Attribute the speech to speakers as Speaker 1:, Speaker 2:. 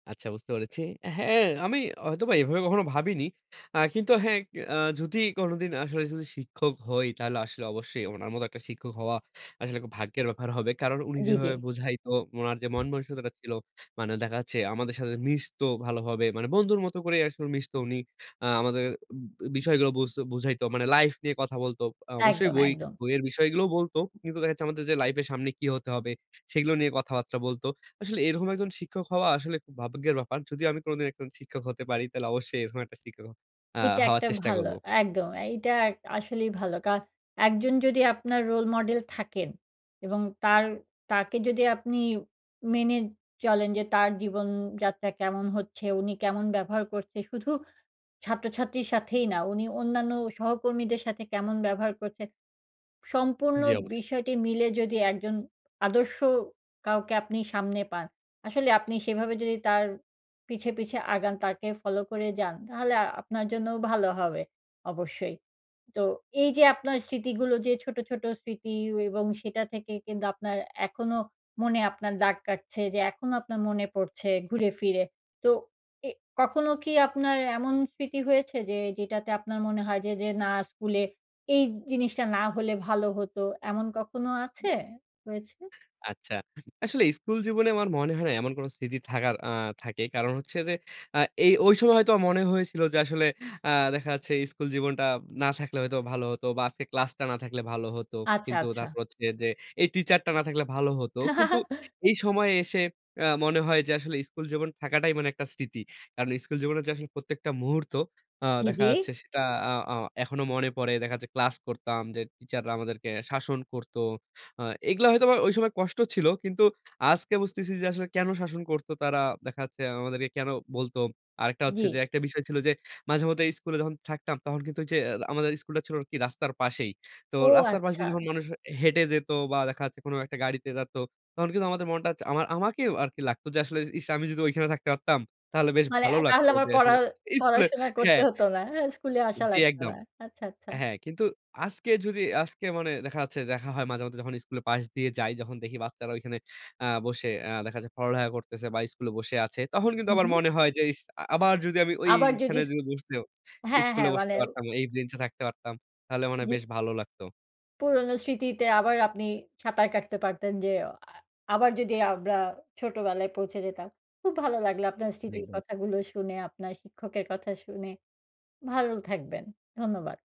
Speaker 1: আচ্ছা বুঝতে পেরেছি। হ্যাঁ, আমি হয়তোবা এভাবে কখনো ভাবিনি। আ কিন্তু হ্যাঁ, আ যদি কোনদিন আসলে যদি শিক্ষক হই, তাহলে আসলে অবশ্যই উনার মত একটা শিক্ষক হওয়া, আসলে খুব ভাগ্যের ব্যাপার হবে। কারণ উনি
Speaker 2: জি, জি।
Speaker 1: যেভাবে বুঝাইত, উনার যে মন-মনুসিকতাটা ছিল, মানে দেখা যাচ্ছে আমাদের সাথে মিশত ভালোভাবে, মানে বন্ধুর মত করেই আসলে মিশত উনি। আ আমাদের বিষয়গুলো বুঝ বুঝাইত। মানে লাইফ নিয়ে কথা বলত। আ অবশ্যই
Speaker 2: একদম,
Speaker 1: বই
Speaker 2: একদম।
Speaker 1: বইয়ের বিষয়গুলোও বলত। কিন্তু দেখা যাচ্ছে আমাদের যে লাইফ এর সামনে কি হতে হবে? সেগুলো নিয়ে কথাবার্তা বলত। আসলে এরকম একজন শিক্ষক হওয়া, আসলে খুব ভাগ্যের ব্যাপার। যদিও আমি কোনদিন একজন শিক্ষক হতে পারি, তাহলে অবশ্যই এরকম একটা শিক্ষক হ আ
Speaker 2: এটা
Speaker 1: হওয়ার
Speaker 2: একটা
Speaker 1: চেষ্টা
Speaker 2: ভালো,
Speaker 1: করব।
Speaker 2: একদম। এইটা আসলেই ভালো কা একজন যদি আপনার রোল মডেল থাকেন, এবং তার, তাকে যদি আপনি মেনে চলেন যে, তার জীবনযাত্রা কেমন হচ্ছে? উনি কেমন ব্যবহার করছে? শুধু ছাত্রছাত্রীর সাথেই না, উনি অন্যান্য সহকর্মীদের সাথে কেমন ব্যবহার করছেন? সম্পূর্ণ
Speaker 1: জি, অবশ
Speaker 2: বিষয়টি মিলে যদি একজন আদর্শ কাউকে আপনি সামনে পান, আসলে আপনি সেভাবে যদি তার পিছে, পিছে আগান, তাকে ফলো করে যান, তাহলে আপনার জন্যও ভালো হবে, অবশ্যই। তো এই যে আপনার স্মৃতিগুলো যে ছোট, ছোট স্মৃতি এবং সেটা থেকে কিন্তু আপনার, এখনো মনে আপনার দাগ কাটছে যে, এখনো আপনার মনে পড়ছে, ঘুরে ফিরে। তো এ কখনো কি আপনার এমন স্মৃতি হয়েছে যে, যেটাতে আপনার মনে হয় যে, যে "না, স্কুলে এই জিনিসটা না হলে ভালো হত?" এমন কখনো আছে, হয়েছে?
Speaker 1: আচ্ছা। আসলে স্কুল জীবনে আমার মনে হয় না, এমন কোন স্থিতি থাকার আ থাকে। কারণ হচ্ছে যে, আ এ ঐ সময় হয়তো আমার মনে হয়েছিল যে, আসলে আ দেখা যাচ্ছে, "স্কুল জীবনটা না থাকলে হয়তো, ভালো হতো। বা আজকে ক্লাসটা না থাকলে ভালো হতো।"
Speaker 2: আচ্ছা,
Speaker 1: কিন্তু
Speaker 2: আচ্ছা।
Speaker 1: তারপর হচ্ছে যে, "এই টিচারটা না থাকলে ভালো হতো।" কিন্তু এই সময়ে এসে আ মনে হয় যে, আসলে স্কুল জীবন থাকাটাই মানে একটা স্মৃতি। কারণ স্কুল জীবনে যে আসলে প্রত্যেকটা মুহূর্ত আ
Speaker 2: জি,
Speaker 1: দেখা
Speaker 2: জি।
Speaker 1: যাচ্ছে, সেটা আ আ এখনো মনে পড়ে। দেখা যাচ্ছে ক্লাস করতাম। যে টিচার রা আমাদেরকে শাসন করত। আ এগুলো হয়তোবা ঐ সময় কষ্ট ছিল। কিন্তু আজকে বুঝতেছি যে আসলে কেন শাসন করতো, তারা দেখা যাচ্ছে আমাদেরকে কেন বলতো? আরেকটা হচ্ছে
Speaker 2: জি।
Speaker 1: যে, একটা বিষয় ছিল যে, মাঝেমধ্যে স্কুলে যখন থাকতাম, তখন কিন্তু ঐযে আমাদের স্কুলটা ছিল আরকি রাস্তার পাশেই। তো
Speaker 2: ও
Speaker 1: রাস্তার পাশে
Speaker 2: আচ্ছা!
Speaker 1: দিয়ে যখন মানুষ হেঁটে যেত বা দেখা যাচ্ছে কোন একটা গাড়িতে যেত। তখন কিন্তু আমাদের মনটা, আমা আমাকেও আরকি লাগতো যে, আসলে "ইস! আমি যদি ওইখানে থাকতে পারতাম, তাহলে বেশ
Speaker 2: মানে,
Speaker 1: ভালো
Speaker 2: "তাহলে
Speaker 1: লাগতো"
Speaker 2: আমার
Speaker 1: যে
Speaker 2: পড়া
Speaker 1: আসলে স্কুলে
Speaker 2: পড়াশোনা করতে
Speaker 1: হ্যাঁ।
Speaker 2: হত না। অ্যা স্কুলে আসা
Speaker 1: জি,
Speaker 2: লাগতো
Speaker 1: একদম।
Speaker 2: না।" আচ্ছা, আচ্ছা।
Speaker 1: হ্যাঁ, কিন্তু আজকে যদি, আজকে মানে দেখা যাচ্ছে, দেখা হয় মাঝে, মাঝে যখন স্কুলের পাশ দিয়ে যাই, যখন দেখি বাচ্চারা ঐখানে আ বসে আ দেখা যাচ্ছে পড়ালেখা করতেছে বা স্কুলে বসে আছে। তখন কিন্তু
Speaker 2: হু,
Speaker 1: আমার
Speaker 2: হু।
Speaker 1: মনে হয় যে, "ইস! আবার যদি আমি
Speaker 2: আবার যদি,
Speaker 1: ঐখানে
Speaker 2: ইস
Speaker 1: যেয়ে বসতে,
Speaker 2: হ্যাঁ,
Speaker 1: স্কুলে
Speaker 2: হ্যাঁ।
Speaker 1: বসতে
Speaker 2: মানে
Speaker 1: পারতাম, এই বেঞ্চে থাকতে পারতাম? তাহলে মনে হয়
Speaker 2: জি।
Speaker 1: বেশ ভালো লাগতো।"
Speaker 2: পুরনো স্মৃতিতে আবার আপনি সাঁতার কাটতে পারতেন। যে "আ আবার যদি আমরা ছোটবেলায় পৌঁছে যেতাম?" খুব ভালো লাগলো আপনার স্মৃতির
Speaker 1: দেখবে
Speaker 2: কথাগুলো শুনে, আপনার শিক্ষকের কথা শুনে। ভালো থাকবেন। ধন্যবাদ।